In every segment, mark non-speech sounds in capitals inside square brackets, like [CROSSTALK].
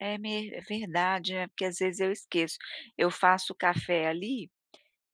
É me é verdade, né, porque às vezes eu esqueço, eu faço café ali,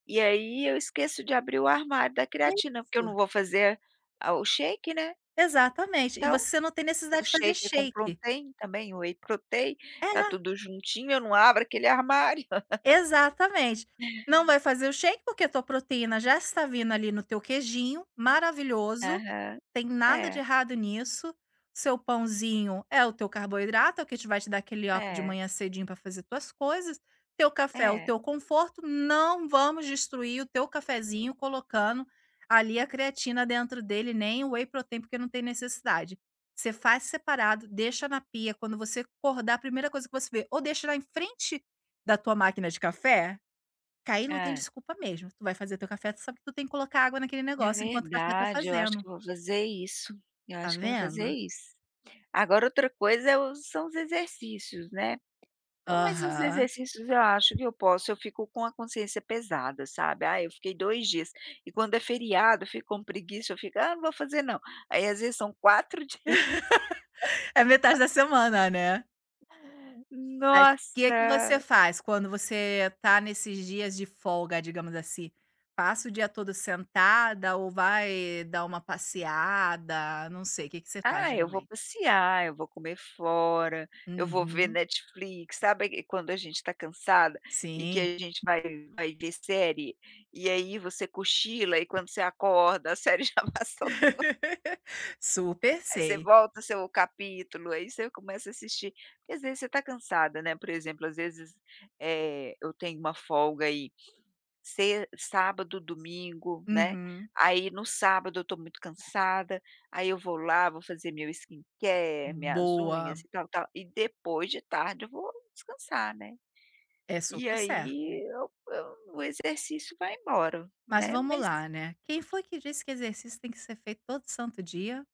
e aí eu esqueço de abrir o armário da creatina, porque eu Isso. não vou fazer a o shake né. Exatamente. E Então, você não tem o necessidade de fazer shake, com shake. protrein também, o whey protein, É está na tudo juntinho, eu não abro aquele armário. [LAUGHS] Exatamente, não vai fazer o shake, porque a tua proteína já está vindo ali, no teu queijinho, maravilhoso, Aham, tem nada de é. errado nisso, seu pãozinho é o teu carboidrato, o que te vai te dar aquele up de É. manhã cedinho para fazer tuas coisas, teu café é o É. teu conforto, não vamos destruir o teu cafezinho colocando ali a creatina dentro dele, nem o whey protein, porque não tem necessidade. Você faz separado, deixa na pia, quando você acordar, a primeira coisa que você vê, ou deixa lá em frente da tua máquina de café, que aí não tem Hã. desculpa mesmo, tu vai fazer teu café, tu sabe que tu tem que colocar água naquele É negócio, enquanto o café está verdade, eu acho fazendo. que eu vou fazer isso, eu Está acho que eu vou fazer vendo? isso. Agora outra coisa é o são os exercícios, né. Não, mas os Aham. exercícios eu acho que eu posso, eu fico com a consciência pesada sabe, ah, eu fiquei 2 dias, e quando é feriado, eu fico com preguiça, eu fico: "Ah, não vou fazer não." Aí, às vezes, são 4 dias. [LAUGHS] É metade da [LAUGHS] semana, né. Mas que que você Nossa. faz quando você está nesses dias de folga, digamos assim. Passa o dia todo sentada ou vai dar uma passeada, não sei, que que você faz, Ah, eu vou geralmente? passear, eu vou comer fora, eu vou ver Uhum. Netflix, sabe que quando a gente está cansada e que Sim. a gente vai vai ver série? E aí você cochila e quando você acorda a série já passou toda. [LAUGHS] Super Aí você sei. volta o seu capítulo, aí você começa a assistir, porque às vezes você está cansada, né, por exemplo às vezes, eh, eu tenho uma folga aí, se sábado, domingo né, Uhum. aí no sábado eu estou muito cansada, aí eu vou lá vou fazer meu skin-care, Hum, minhas unhas boa. e tal tal, e depois de tarde eu vou descansar, né. É E super certo. aí, eu eu o exercício vai embora, Mas né, vamos mas lá, né, quem foi que disse que exercício tem que ser feito todo o santo dia?